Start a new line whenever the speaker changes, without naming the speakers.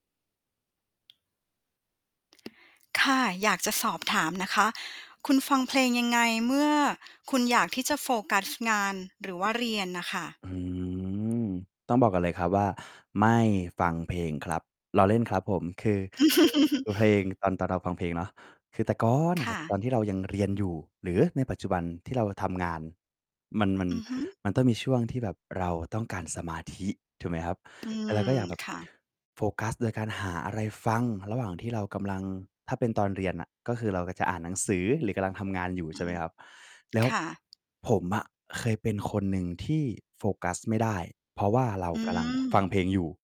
ค่ะ อยากจะสอบถามนะคะ คุณฟังเพลงยังไง? เมื่อคุณอยากที่จะโฟกัสงานหรือว่าเรียนน่ะค่ะ
อืม ต้องบอกก่อนเลยครับว่า ไม่ฟังเพลงครับ ล้อเล่นครับผม คือ คือ เพลงตอน ตอนเราฟังเพลงเนาะ คือแต่ก่อนอ
ค
ะคร
่
ับ ต
ะ
อนที่เรายังเรียนอยู่ หรือในปัจจุบันที่เราทำงาน มัน
อ
มัน
อือฮึ
มันต้องมีช่วงที่แบบเราต้องการสมาธิถูกไหมครับ?
อื
แต่เราก็
ม
อยากแบบ
ค่ะ
โฟกัสโดยการหาอะไรฟังระหว่างที่เรากำลัง ถ้าเป็นตอนเรียนน่ะ ก็คือเราก็จะอ่านหนังสือ หรือกำลังทำงานอยู่
อ
ใ
ื
ช่ไหม
ม
ครับ แล้
ค
ว
่ะ
ผมอะเคยเป็นคนหนึ่งที่โฟกัสไม่ได้ เพราะว่าเรา
อื
กำลัง ฟั
ม
งเพลงอยู่